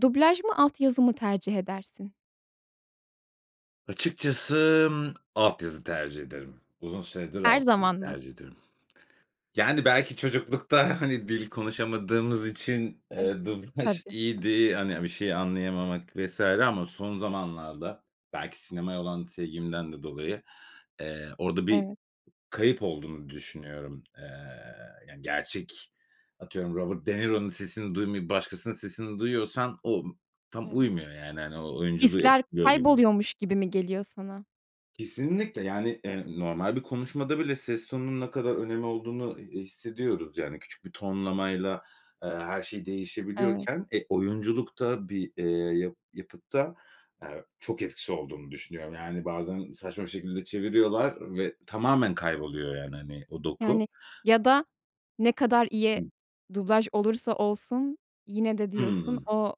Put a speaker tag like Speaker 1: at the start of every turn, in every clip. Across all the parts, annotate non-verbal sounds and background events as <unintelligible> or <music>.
Speaker 1: Dublaj mı, alt yazı mı tercih edersin?
Speaker 2: Açıkçası, ımm, alt yazı tercih ederim. Uzun süredir
Speaker 1: Her
Speaker 2: alt yazı
Speaker 1: zaman mı?
Speaker 2: tercih ediyorum. Yani, belki çocuklukta, <chuckles> hani, dil konuşamadığımız için,
Speaker 1: Evet.
Speaker 2: eee, dublaj
Speaker 1: Tabii.
Speaker 2: iyiydi, hani, a bir şey anlayamamak vs. ama son zamanlarda, belki sinemaya olan sevgimden de dolayı, eee, orada bir
Speaker 1: Evet.
Speaker 2: kayıp olduğunu düşünüyorum. Eee, yani, gerçek, atıyorum Robert De Niro'nun sesini duymayıp başkasının sesini duyuyorsan o ımm, tam
Speaker 1: Evet.
Speaker 2: uymuyor, yani. Hani, o oyunculuğu
Speaker 1: Hisler
Speaker 2: etkiliyor gibi.
Speaker 1: kayboluyormuş gibi mi geliyor sana?
Speaker 2: Kesinlikle, yani, eee, normal bir konuşmada bile ses tonunun ne kadar önemi olduğunu, e eee, hissediyoruz. Yani, küçük bir tonlamayla, eee, her şey
Speaker 1: Evet.
Speaker 2: değişebiliyorken, e, oyunculukta, bir, eee, ya yapıtta, aaa, çok etkisi olduğunu düşünüyorum. Yani, bazen saçma bir şekilde çeviriyorlar ve tamamen kayboluyor, yani, hani, o doku
Speaker 1: Yani, ya da ne kadar iyi
Speaker 2: Hı.
Speaker 1: dublaj olursa olsun, yine de diyorsun,
Speaker 2: Hımm.
Speaker 1: o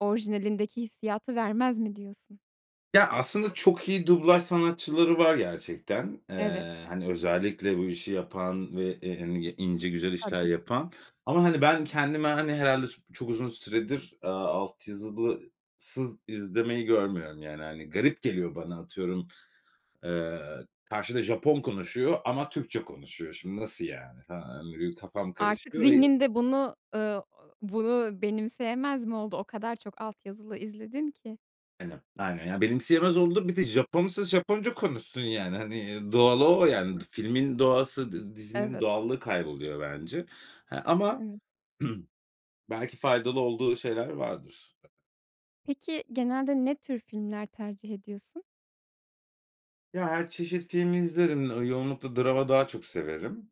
Speaker 1: orijinalindeki hissiyatı vermez mi, diyorsun?
Speaker 2: Ya, aslında çok iyi dublaj sanatçıları var gerçekten.
Speaker 1: Evet.
Speaker 2: Eee, hani, özellikle bu işi yapan ve, eee, hani, y ince, güzel işler
Speaker 1: Tabii.
Speaker 2: yapan. Ama, hani, ben kendime, hani, herhâlde s çok uzun süredir, aaa, alt yazısız izlemeyi görmüyorum, yani, hani, garip geliyor bana, atıyorum, eee, karşıda Japon konuşuyor ama Türkçe konuşuyor. "Şimdi, nasıl yani?" <unintelligible> benim kafam
Speaker 1: Artık
Speaker 2: karışıyor, eee
Speaker 1: zihninde bunu, eee, <unintelligible> bunu benimseyemez mi oldu? O kadar çok alt yazılı izledin ki.
Speaker 2: Aynen. Aynen, ya, benimseyemez oldum. Bir de Japon'sa Japonca konuşsun, yani, hani, iii, doğalı o, yani. Du
Speaker 1: Hı.
Speaker 2: filmin doğası dı dizinin
Speaker 1: Evet.
Speaker 2: doğallığı kayboluyor bence. He, ama
Speaker 1: Evet.
Speaker 2: <clears throat> belki faydalı olduğu şeyler vardır.
Speaker 1: Peki, genelde ne tür filmler tercih ediyorsun?
Speaker 2: Ya, her çeşit film izlerim. Iıı, yoğunlukla drama daha çok severim.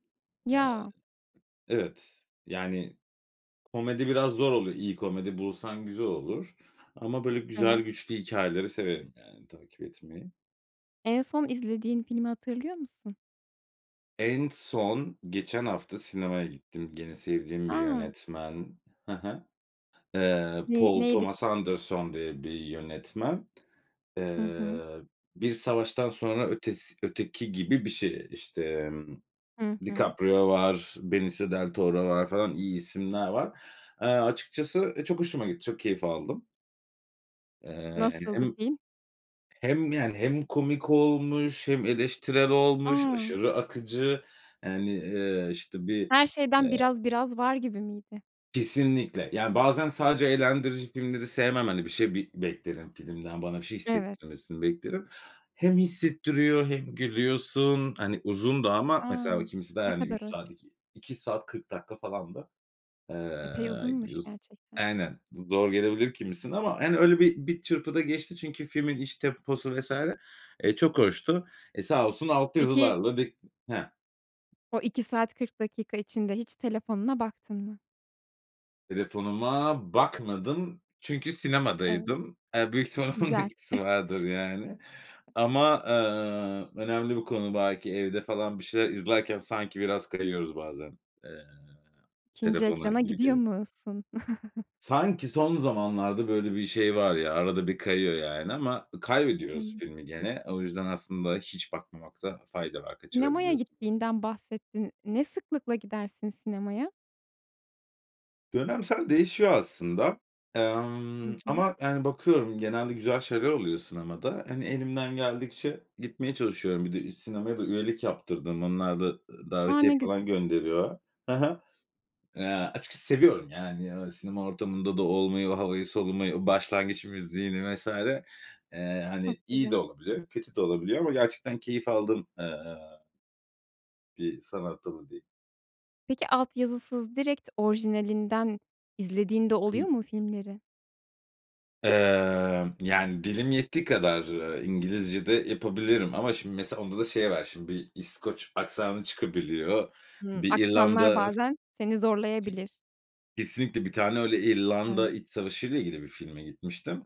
Speaker 2: Eee
Speaker 1: Ya!
Speaker 2: Evet. Yani, komedi biraz zor oluyor. İyi komedi bulsan güzel olur. Ama böyle güzel,
Speaker 1: Evet.
Speaker 2: güçlü hikâyeleri severim, yani, takip etmeyi.
Speaker 1: En son izlediğin filmi hatırlıyor musun?
Speaker 2: En son geçen hafta sinemaya gittim. Gene sevdiğim bir
Speaker 1: A!
Speaker 2: yönetmen. Ha ha. Eee,
Speaker 1: Ne
Speaker 2: Paul
Speaker 1: neydi?
Speaker 2: Thomas Anderson diye bir yönetmen.
Speaker 1: Hı hı.
Speaker 2: Eee, "Bir Savaştan Sonra Ötesi Öteki" gibi bir şey. İşte, emm,
Speaker 1: Hı hı.
Speaker 2: DiCaprio var, Benicio del Toro var, falan. İyi isimler var. Eee, açıkçası, e, çok hoşuma gitti. Çok keyif aldım. Eee, hani,
Speaker 1: Nasıldı
Speaker 2: hem
Speaker 1: film?
Speaker 2: hem, yani, hem komik olmuş hem eleştirel olmuş,
Speaker 1: A!
Speaker 2: aşırı akıcı, yani, eee, işte, bir,
Speaker 1: Her şeyden
Speaker 2: eee
Speaker 1: biraz, biraz var gibi miydi?
Speaker 2: Kesinlikle. Yani, bazen sadece eğlendirici filmleri sevmem. Hani, bir şey bir beklerim filmden, bana bir şey
Speaker 1: Evet.
Speaker 2: hissettirmesini beklerim. Hem hissettiriyor hem gülüyorsun, hani, uzun da ama
Speaker 1: A!
Speaker 2: mesela o kimisi de,
Speaker 1: Ne
Speaker 2: hani, 3
Speaker 1: kadar hoş.
Speaker 2: saat, iki iki saat 40 dakika falandı.
Speaker 1: Epey
Speaker 2: Eee,
Speaker 1: uzunmuş,
Speaker 2: giriyos
Speaker 1: gerçekten.
Speaker 2: Aynen. Du zor gelebilir kimisine ama, hani, öyle bir bir çırpıda geçti çünkü filmin iç temposu vs. eee, çok hoştu. Eee, sağ olsun alt
Speaker 1: Peki
Speaker 2: yazılarla bir Ha.
Speaker 1: O 2 saat 40 dakika içinde hiç telefonuna baktın mı?
Speaker 2: Telefonuma bakmadım çünkü
Speaker 1: Evet.
Speaker 2: sinemadaydım. Eee, büyük ihtimal onun
Speaker 1: Güzel.
Speaker 2: etkisi
Speaker 1: <chuckles>
Speaker 2: vardır, yani. Ama, eee, önemli bir konu. Belki evde falan bir şeyler izlerken sanki biraz kayıyoruz bazen. Eee,
Speaker 1: 2'nci
Speaker 2: telefona
Speaker 1: ekrana
Speaker 2: gibi
Speaker 1: gidiyor
Speaker 2: geliyor.
Speaker 1: musun? <chuckles>
Speaker 2: Sanki son zamanlarda böyle bir şey var ya, arada bir kayıyor yani ama ı kaybediyoruz
Speaker 1: <unintelligible>
Speaker 2: filmi gene. O yüzden aslında hiç bakmamakta fayda var.
Speaker 1: Sinemaya
Speaker 2: Kaçırabiliyorsun.
Speaker 1: gittiğinden bahsettin. Ne sıklıkla gidersin sinemaya?
Speaker 2: Dönemsel değişiyor aslında.
Speaker 1: Hı
Speaker 2: Emm,
Speaker 1: hı.
Speaker 2: ama, yani, bakıyorum, genelde güzel şeyler oluyor sinemada. Hani, elimden geldikçe gitmeye çalışıyorum. Bir de ü sinemaya da üyelik yaptırdım. Onlar da, ııı,
Speaker 1: A,
Speaker 2: davetiye
Speaker 1: ne
Speaker 2: falan
Speaker 1: güzel.
Speaker 2: gönderiyor. Ha ha. Eee, açıkçası seviyorum, yani, ııı, sinema ortamında da olmayı, o havayı solumayı, o başlangıç müziğini vs. Eee, hani,
Speaker 1: Çok
Speaker 2: iyi de
Speaker 1: güzel.
Speaker 2: olabiliyor, kötü de olabiliyor ama gerçekten keyif aldığım, eee, bir sanat dalı diyeyim.
Speaker 1: Peki alt yazısız, direkt orijinalinden izlediğin de
Speaker 2: Hımm.
Speaker 1: oluyor mu filmleri?
Speaker 2: Emm, yani, dilim yettiği kadar, eee, İngilizce de yapabilirim ama, şimdi, mesela onda da şey var. Şimdi, bir İskoç aksanı çıkabiliyor.
Speaker 1: Hımm,
Speaker 2: Bir İrlanda,
Speaker 1: aksanlar
Speaker 2: ı hı
Speaker 1: bazen seni zorlayabilir.
Speaker 2: Kesinlikle bir tane öyle İrlanda
Speaker 1: Evet.
Speaker 2: iç savaşıyla ile ilgili bir filme gitmiştim.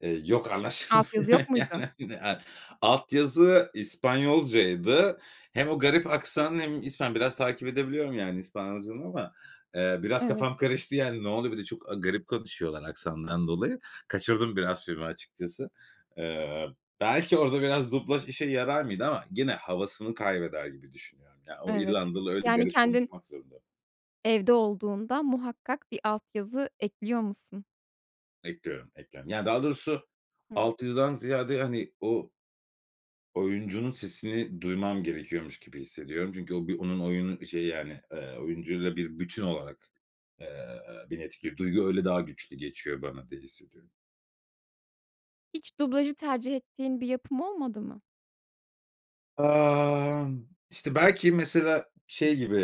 Speaker 2: Eee, yok,
Speaker 1: Alt
Speaker 2: anlaşılmıyor,
Speaker 1: yazı yok
Speaker 2: yani,
Speaker 1: muydu?
Speaker 2: hani, a alt yazı İspanyolcaydı. Hem o garip aksanı hem İspan biraz takip edebiliyorum, yani, İspanyolcadan ama, eee, biraz
Speaker 1: Evet.
Speaker 2: kafam karıştı, yani, ne oluyor? Bir de çok a garip konuşuyorlar aksandan dolayı. Kaçırdım biraz filmi açıkçası. Eee, belki orada biraz dublaj işe yarar mıydı? Ama gene havasını kaybeder gibi düşünüyorum. Ya, o
Speaker 1: Evet.
Speaker 2: İrlandalı öyle
Speaker 1: Yani,
Speaker 2: garip
Speaker 1: kendin
Speaker 2: konuşmak zorunda.
Speaker 1: evde olduğunda muhakkak bir alt yazı ekliyor musun?
Speaker 2: Ekliyorum, ekliyorum. Yani, daha doğrusu
Speaker 1: Hımm.
Speaker 2: alt yazıdan ziyade, hani, o oyuncunun sesini duymam gerekiyormuş gibi hissediyorum. Çünkü o bir onun oyunu şeyi, yani, eee, oyuncuyla bir bütün olarak, eee, bir etki. Duygu öyle daha güçlü geçiyor bana diye hissediyorum.
Speaker 1: Hiç dublajı tercih ettiğin bir yapım olmadı mı?
Speaker 2: Aaa, işte belki mesela şey gibi,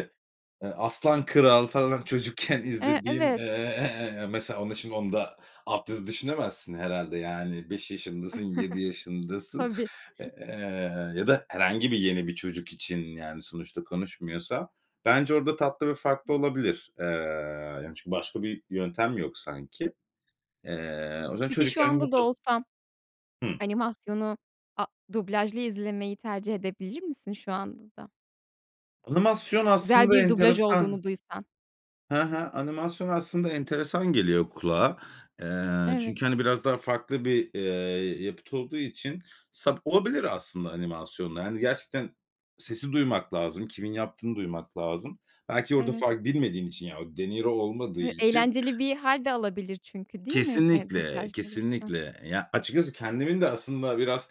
Speaker 2: eee, Aslan Kral falan çocukken
Speaker 1: Eee,
Speaker 2: izlediğim, eee,
Speaker 1: evet.
Speaker 2: eee, mesela onu şimdi onu da altyazı düşünemezsin herhâlde, yani 5 yaşındasın,
Speaker 1: <chuckles>
Speaker 2: 7 yaşındasın,
Speaker 1: Tabii.
Speaker 2: eee,
Speaker 1: <chuckles>
Speaker 2: ya da herhangi bir yeni bir çocuk için, yani, sonuçta konuşmuyorsa. Bence orada tatlı ve farklı
Speaker 1: Hıı.
Speaker 2: olabilir. Eee, yani, çünkü başka bir yöntem yok sanki. Eee, o yüzden
Speaker 1: Peki şu
Speaker 2: çocukken bu
Speaker 1: anda da
Speaker 2: ta
Speaker 1: olsan
Speaker 2: Hıh.
Speaker 1: animasyonu, a dublajlı izlemeyi tercih edebilir misin şu anda da?
Speaker 2: Animasyon
Speaker 1: Güzel
Speaker 2: aslında
Speaker 1: bir dublaj
Speaker 2: enteresan.
Speaker 1: olduğunu duysan.
Speaker 2: He he. Animasyon aslında enteresan geliyor kulağa. Eee,
Speaker 1: Evet.
Speaker 2: çünkü, hani, biraz daha farklı bir, eee, yapıt olduğu için sa olabilir aslında animasyonla. Hani, gerçekten sesi duymak lazım, kimin yaptığını duymak lazım. Belki orada
Speaker 1: Evet.
Speaker 2: far bilmediğin için, yani o deniro olmadığı
Speaker 1: Eee,
Speaker 2: için.
Speaker 1: eğlenceli bir hâlde alabilir çünkü, değil mi, eee,
Speaker 2: Kesinlikle,
Speaker 1: dublaj olursa?
Speaker 2: kesinlikle. Eee, ya açıkçası kendimin de aslında biraz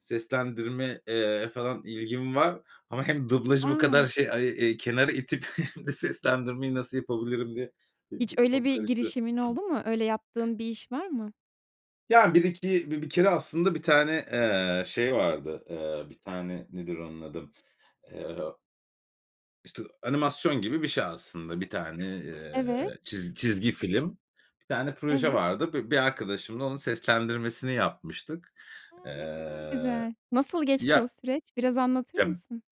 Speaker 2: seslendirme, eee, falan ilgim var. Ama hem dublajı bu
Speaker 1: A!
Speaker 2: kadar, şey, ay, eee, kenara itip <chuckles> hem de seslendirmeyi nasıl yapabilirim diye benim
Speaker 1: Hiç
Speaker 2: de
Speaker 1: öyle
Speaker 2: kafam
Speaker 1: bir
Speaker 2: karıştı.
Speaker 1: girişimin
Speaker 2: Hıh.
Speaker 1: oldu mu? Öyle yaptığın bir iş var mı?
Speaker 2: Ya bir iki bi bir kere aslında bir tane, eee, şey vardı. Eee, bir tane nedir onun adı? Eee işte animasyon gibi bir şey aslında. Bir tane,
Speaker 1: Evet.
Speaker 2: eee, çiz çizgi film, bir tane proje
Speaker 1: Evet.
Speaker 2: vardı. Bi bir arkadaşımla onun seslendirmesini yapmıştık.
Speaker 1: A! Ne kadar
Speaker 2: Eee,
Speaker 1: güzel. Nasıl geçti o
Speaker 2: ya
Speaker 1: süreç? Biraz anlatır
Speaker 2: ya
Speaker 1: mısın?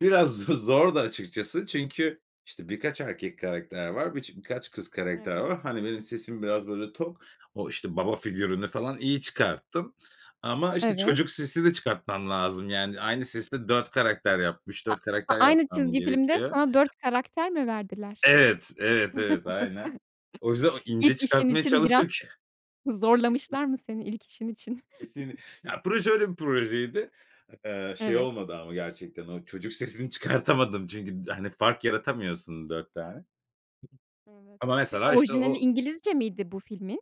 Speaker 2: biraz z zordu açıkçası. Çünkü işte birkaç erkek karakter var, biç birkaç kız karakter
Speaker 1: Evet.
Speaker 2: var. Hani, benim sesim biraz böyle tok, o, işte, baba figürünü falan iyi çıkarttım ama işte
Speaker 1: Evet.
Speaker 2: çocuk sesi de çıkartmam lazım. Yani aynı sesi de 4 karakter yapmış,
Speaker 1: Ha
Speaker 2: 4
Speaker 1: ha,
Speaker 2: karakter
Speaker 1: aynı
Speaker 2: yapmam
Speaker 1: çizgi filmde
Speaker 2: gerekiyor.
Speaker 1: sana 4 karakter mi verdiler?
Speaker 2: Evet, evet, evet, aynen. O yüzden o
Speaker 1: <chuckles>
Speaker 2: ince
Speaker 1: İlk işin
Speaker 2: çıkartmaya
Speaker 1: için biraz
Speaker 2: çalışır ki Kesin.
Speaker 1: zorlamışlar mı seni ilk işin için?
Speaker 2: Kesin. Ya
Speaker 1: <chuckles>
Speaker 2: proje öyle bir projeydi. Eee, şey
Speaker 1: Evet.
Speaker 2: olmadı ama gerçekten o çocuk sesini çıkartamadım çünkü d hani fark yaratamıyorsun 4 tane.
Speaker 1: Evet,
Speaker 2: Ama
Speaker 1: peki
Speaker 2: mesela işte
Speaker 1: orijinali
Speaker 2: o
Speaker 1: İngilizce miydi bu filmin?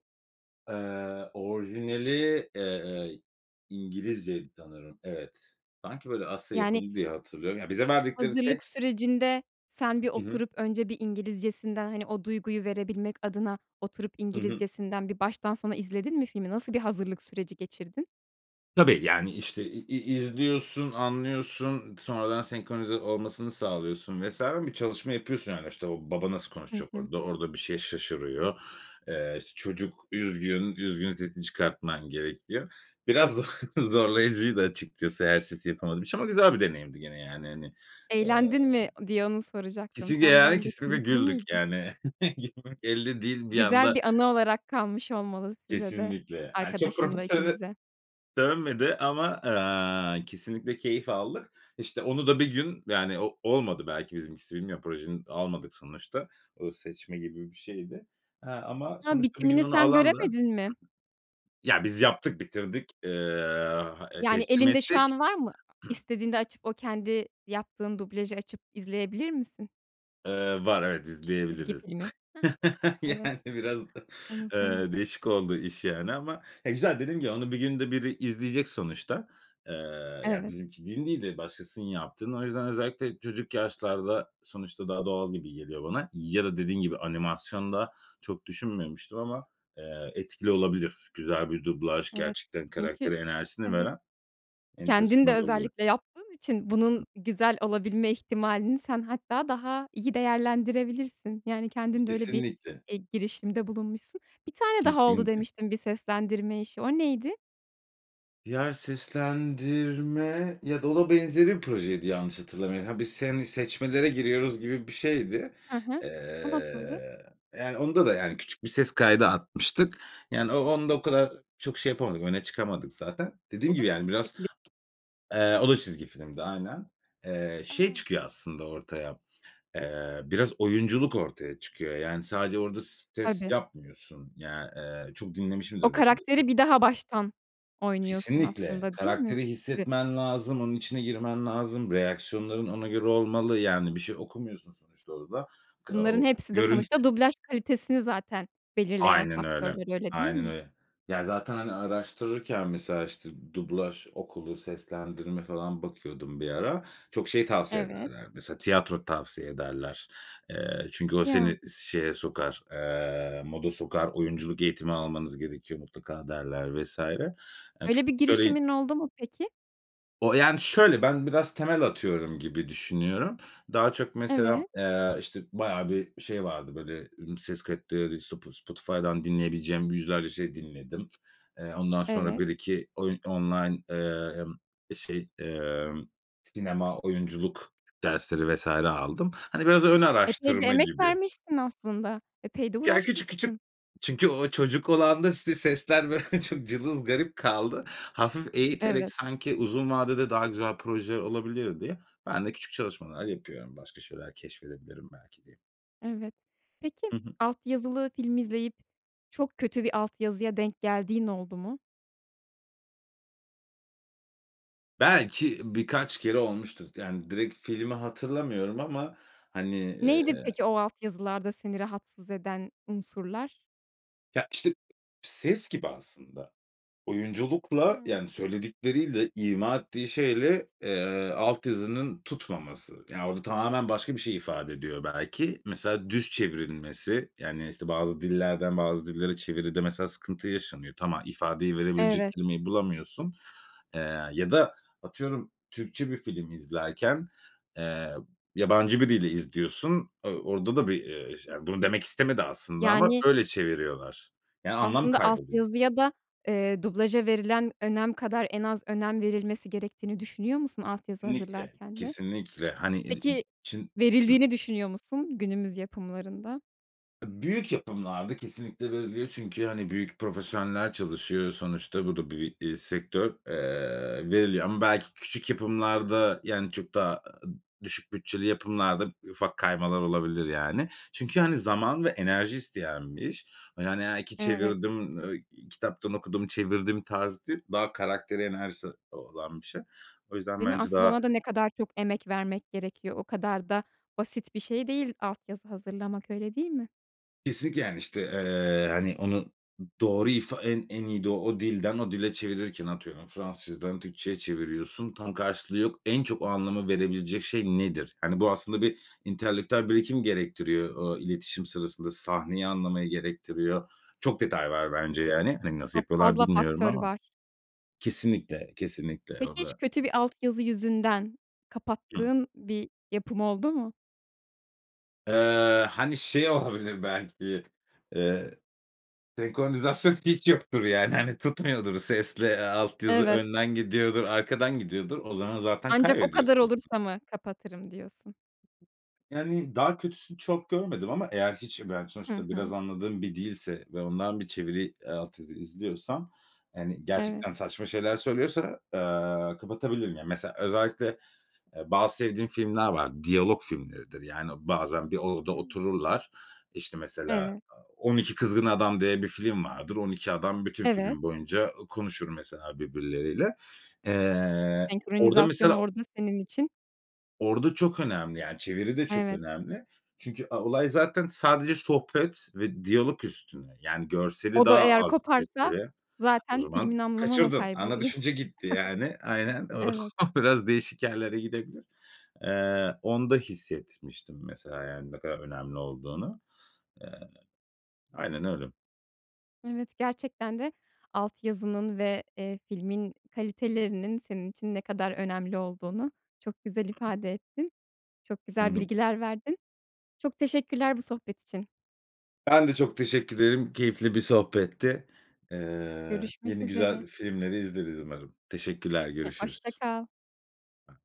Speaker 2: Eee, orijinali, eee, İngilizceydi sanırım. Evet. Sanki, böyle, Asya
Speaker 1: Yani
Speaker 2: yapımı diye hatırlıyorum. Ya bize verdikleri
Speaker 1: Hazırlık
Speaker 2: text
Speaker 1: sürecinde sen bir
Speaker 2: Hı hı.
Speaker 1: oturup önce bir İngilizcesinden hani o duyguyu verebilmek adına oturup
Speaker 2: Hı hı.
Speaker 1: İngilizcesinden bir baştan sona izledin mi filmi, nasıl bir hazırlık süreci geçirdin?
Speaker 2: Tabii yani işte i i izliyorsun, anlıyorsun, sonradan senkronize olmasını sağlıyorsun vs. Bir çalışma yapıyorsun yani. İşte o baba nasıl
Speaker 1: Hı
Speaker 2: konuşacak
Speaker 1: hı.
Speaker 2: orada, orada bir şey şaşırıyor. Eee, işte, çocuk üzgün, üzgün sesini çıkartman gerekiyor. Biraz z <chuckles> zorlayıcıydı açıkçası eğer sesi yapamadığım için ama güzel bir deneyimdi gene yani, hani, eee
Speaker 1: Eğlendin mi diye onu soracaktım
Speaker 2: Kesinlikle
Speaker 1: tam
Speaker 2: yani
Speaker 1: ben de.
Speaker 2: kesinlikle
Speaker 1: Keyifli
Speaker 2: güldük
Speaker 1: miydi?
Speaker 2: yani. <chuckles> Gülmemek elde değil bir
Speaker 1: Güzel
Speaker 2: anda
Speaker 1: bir anı olarak kalmış olmalı size de,
Speaker 2: Kesinlikle. Ha, çok
Speaker 1: arkadaşınla
Speaker 2: profesyonele
Speaker 1: ikinize.
Speaker 2: dönmedi ama, aaa, kesinlikle keyif aldık. İşte, onu da bir gün yani o olmadı belki bizimkisi, bilmiyorum. Projeni almadık sonuçta. O seçme gibi bir şeydi. He ama
Speaker 1: Ha,
Speaker 2: sonuçta bir gün
Speaker 1: bitimini
Speaker 2: onu
Speaker 1: sen
Speaker 2: alan da
Speaker 1: göremedin mi?
Speaker 2: Ya biz yaptık, bitirdik, eee, aaa,
Speaker 1: Yani
Speaker 2: teslim
Speaker 1: elinde şu
Speaker 2: ettik
Speaker 1: an var mı,
Speaker 2: <clears throat>
Speaker 1: istediğinde açıp o kendi yaptığın dublajı açıp izleyebilir misin?
Speaker 2: Eee, var, evet, di
Speaker 1: Çizgi
Speaker 2: diyebiliriz.
Speaker 1: filmi,
Speaker 2: <laughs>
Speaker 1: heh. Evet.
Speaker 2: Yani, biraz da, eee,
Speaker 1: <unintelligible>
Speaker 2: değişik oldu iş, yani ama, eee, güzel. Dediğim gibi, onu bir günde biri izleyecek sonuçta. Eee, yani,
Speaker 1: Evet.
Speaker 2: bizimkinin değil de başkasının yaptığını. O yüzden özellikle çocuk yaşlarda, sonuçta daha doğal gibi geliyor bana ya da dediğin gibi animasyonda çok düşünmemiştim ama, eee, etkili olabilir güzel bir dublaj
Speaker 1: Evet.
Speaker 2: gerçekten,
Speaker 1: Çünkü
Speaker 2: karaktere enerjisini
Speaker 1: evet,
Speaker 2: veren. Enteresan
Speaker 1: kendin de
Speaker 2: olabiliyor.
Speaker 1: özellikle yaptığın için bunun güzel olabilme ihtimalini sen hatta daha iyi değerlendirebilirsin. Yani, kendinde öyle bir,
Speaker 2: Kesinlikle.
Speaker 1: eee, girişimde bulunmuşsun. Bir tane daha oldu
Speaker 2: Kesinlikle.
Speaker 1: demiştin bir seslendirme işi, o neydi?
Speaker 2: Ya, seslendirme ya da o da benzeri bir projeydi, yanlış hatırlamıyor ha, biz, hani, seçmelere giriyoruz gibi bir şeydi.
Speaker 1: Hı hı. O nasıldı?
Speaker 2: Eee, yani, onda da, yani, küçük bir ses kaydı atmıştık. Yani, o onda o kadar çok şey yapamadık, öne çıkamadık zaten.
Speaker 1: O
Speaker 2: Dediğim
Speaker 1: da
Speaker 2: gibi
Speaker 1: mı
Speaker 2: yani
Speaker 1: çizgi
Speaker 2: biraz
Speaker 1: film?
Speaker 2: Eee, o da çizgi filmdi, aynen. Eee, şey
Speaker 1: A!
Speaker 2: çıkıyor aslında ortaya, eee, biraz oyunculuk ortaya çıkıyor. Yani, sadece orada s ses
Speaker 1: Tabii.
Speaker 2: yapmıyorsun. Yani, eee, çok
Speaker 1: O
Speaker 2: dinlemişimdir bu arada sette.
Speaker 1: karakteri bir daha baştan oynuyorsun
Speaker 2: Kesinlikle.
Speaker 1: aslında, değil mi?
Speaker 2: Karakteri
Speaker 1: <unintelligible>
Speaker 2: hissetmen lazım, onun içine girmen lazım, reaksiyonların ona göre olmalı. Yani, bir şey okumuyorsun sonuçta orada. Ka
Speaker 1: Bunların
Speaker 2: o
Speaker 1: hepsi de
Speaker 2: görüntü
Speaker 1: sonuçta dublaj kalitesini zaten belirleyen
Speaker 2: Aynen öyle,
Speaker 1: faktörler, öyle değil
Speaker 2: aynen
Speaker 1: mi?
Speaker 2: öyle. Yani, zaten, hani, araştırırken mesela, işte, dublaj okulu, seslendirme falan bakıyordum bir ara, çok şey tavsiye
Speaker 1: Evet.
Speaker 2: ederler mesela, tiyatro tavsiye ederler. Eee, çünkü o
Speaker 1: Ya.
Speaker 2: seni şeye sokar, eee, moda sokar, oyunculuk eğitimi almanız gerekiyor mutlaka, derler vs.
Speaker 1: Öyle bir
Speaker 2: <unintelligible>
Speaker 1: girişimin oldu mu, peki?
Speaker 2: O yani, şöyle: Ben biraz temel atıyorum gibi düşünüyorum. Daha çok mesela,
Speaker 1: Evet.
Speaker 2: eee, işte, bayağı bir şey vardı, böyle, ımm, ses kayıtları. Spo Spotify'dan dinleyebileceğim yüzlerce şey dinledim. Eee, ondan sonra
Speaker 1: Evet.
Speaker 2: 1-2 oyun online, emm, şey, emm, sinema, oyunculuk dersleri vs. aldım. Hani biraz ön
Speaker 1: Epey de
Speaker 2: araştırma
Speaker 1: emek
Speaker 2: gibi.
Speaker 1: vermişsin aslında, epey de
Speaker 2: Ya, küçük küçük,
Speaker 1: uğraşmışsın.
Speaker 2: çünkü o çocuk olanda, işte, sesler, böyle, çok cılız, garip kaldı. Hafif eğiterek
Speaker 1: Evet.
Speaker 2: sanki uzun vadede daha güzel projeler olabilir diye, ben de küçük çalışmalar yapıyorum başka şeyler keşfedebilirim belki diye.
Speaker 1: Evet. Peki,
Speaker 2: Hı hı.
Speaker 1: alt yazılı film izleyip çok kötü bir alt yazıya denk geldiğin oldu mu?
Speaker 2: Belki birkaç kere olmuştur t Yani, direkt filmi hatırlamıyorum. Ama, hani, eee
Speaker 1: Neydi peki o alt yazılarda seni rahatsız eden unsurlar?
Speaker 2: Ya, işte, ses gibi aslında. Oyunculukla,
Speaker 1: Hıı.
Speaker 2: yani, söyledikleriyle, ima ettiği şeyle, eee, alt yazının tutmaması. Yani, orada tamamen başka bir şey ifade ediyor belki. Mesela düz çevrilmesi, yani, işte, bazı dillerden bazı dillere çeviride mesela sıkıntı yaşanıyor. Tam, aaa, ifadeyi verebilecek
Speaker 1: Evet.
Speaker 2: kelimeyi bulamıyorsun. Eee, ya da atıyorum, Türkçe bir film izlerken, eee, yabancı biriyle izliyorsun. Uuu, orada da bir, eee, ş ya, bunu demek istemedi aslında ama
Speaker 1: Yani
Speaker 2: öyle çeviriyorlar. Yani, anlam
Speaker 1: aslında alt
Speaker 2: kayboluyor.
Speaker 1: yazıya da, eee, dublaja verilen önem kadar en az önem verilmesi gerektiğini düşünüyor musun alt yazı
Speaker 2: İnlikle,
Speaker 1: hazırlarken de?
Speaker 2: kesinlikle. Hani, e im
Speaker 1: Peki,
Speaker 2: çın Hıh
Speaker 1: verildiğini düşünüyor musun günümüz yapımlarında?
Speaker 2: Eee, büyük yapımlarda kesinlikle veriliyor. Çünkü, hani, büyük profesyoneller çalışıyor sonuçta. Bu da bi bir, eee, sektör, eee, veriliyor. Ama belki küçük yapımlarda, yani, çok daha, aaa, düşük bütçeli yapımlarda ufak kaymalar olabilir, yani. Çünkü, hani, zaman ve enerji isteyen bir iş. Yani, aaa, iki
Speaker 1: Evet.
Speaker 2: çevirdim, ııı, i kitaptan okudum, çevirdim tarzı değil, daha karakteri, enerjisi olan bir şey. O yüzden
Speaker 1: Değil mi?
Speaker 2: bence
Speaker 1: Aslında
Speaker 2: daha
Speaker 1: ona da ne kadar çok emek vermek gerekiyor. O kadar da basit bir şey değil alt yazı hazırlamak, öyle değil mi?
Speaker 2: Kesinlikle, yani, işte, eee, hani, onu, doğru ifa en en iyi de o dilden o dile çevirirken atıyorum Fransızcadan Türkçeye çeviriyorsun, tam karşılığı yok. "En çok o anlamı verebilecek şey nedir?" Hani, bu aslında bir entelektüel birikim gerektiriyor, ooo, iletişim sırasında, sahneyi anlamayı gerektiriyor. Çok detay var bence, yani. Hani, nasıl
Speaker 1: Çok
Speaker 2: yapıyorlar
Speaker 1: fazla
Speaker 2: bilmiyorum
Speaker 1: faktör
Speaker 2: ama.
Speaker 1: var.
Speaker 2: Kesinlikle, kesinlikle o
Speaker 1: Peki hiç
Speaker 2: da
Speaker 1: kötü bir alt yazı yüzünden
Speaker 2: Hı.
Speaker 1: kapattığın bir yapım oldu mu?
Speaker 2: Eee, hani, şey olabilir belki, eee, senkronizasyon hiç yoktur, yani, hani, tutmuyordur, sesle, eee, alt yazı
Speaker 1: Evet.
Speaker 2: önden gidiyordur, arkadan gidiyordur. O zaman zaten
Speaker 1: Ancak o kadar
Speaker 2: kaybediyorsun.
Speaker 1: olursa mı kapatırım, diyorsun?
Speaker 2: Yani daha kötüsünü çok görmedim ama eğer hiç ben
Speaker 1: Hı
Speaker 2: sonuçta biraz
Speaker 1: hı.
Speaker 2: anladığım bir dilse ve ondan bir çeviri, eee, alt yazı izliyorsam, hani,
Speaker 1: Evet.
Speaker 2: gerçekten saçma şeyler söylüyorsa, eee, kapatabilirim. Yani mesela özellikle e bazı sevdiğim filmler var. Diyalog filmleridir. Yani, o bazen bir odada
Speaker 1: Hımm.
Speaker 2: otururlar. İşte, mesela
Speaker 1: Evet.
Speaker 2: a On İki Kızgın Adam diye bir film vardır. On İki Adam bütün
Speaker 1: Evet.
Speaker 2: film boyunca ı konuşur mesela birbirleriyle. Eee, orada
Speaker 1: Senkronizasyon
Speaker 2: mesela
Speaker 1: orada senin için
Speaker 2: Orada çok önemli, yani, çeviri de çok
Speaker 1: Evet.
Speaker 2: önemli. Çünkü a olay zaten sadece sohbet ve diyalog üstüne. Yani, görseli
Speaker 1: O da
Speaker 2: daha
Speaker 1: eğer
Speaker 2: az
Speaker 1: koparsa
Speaker 2: etkili. O
Speaker 1: zaten
Speaker 2: zaman
Speaker 1: filmin anlamı mı
Speaker 2: kaçırdın. Ana
Speaker 1: kayboluyor? <chuckles>
Speaker 2: düşünce gitti yani. Aynen.
Speaker 1: Evet.
Speaker 2: O biraz değişik yerlere gidebilir. Eee, onda hissetmiştim mesela, yani, ne kadar önemli olduğunu. Eee, aynen öyle.
Speaker 1: Evet, gerçekten de alt yazının ve, eee, filmin kalitelerinin senin için ne kadar önemli olduğunu çok güzel ifade ettin. Çok
Speaker 2: Hı
Speaker 1: güzel
Speaker 2: hı.
Speaker 1: bilgiler verdin. Çok teşekkürler bu sohbet için.
Speaker 2: Ben de çok teşekkür ederim. Keyifli bir sohbetti. Eee,
Speaker 1: Görüşmek
Speaker 2: yeni, güzel
Speaker 1: üzere.
Speaker 2: filmleri izleriz umarım. Teşekkürler,
Speaker 1: <unintelligible> Hoşça
Speaker 2: görüşürüz.
Speaker 1: kal.
Speaker 2: Ba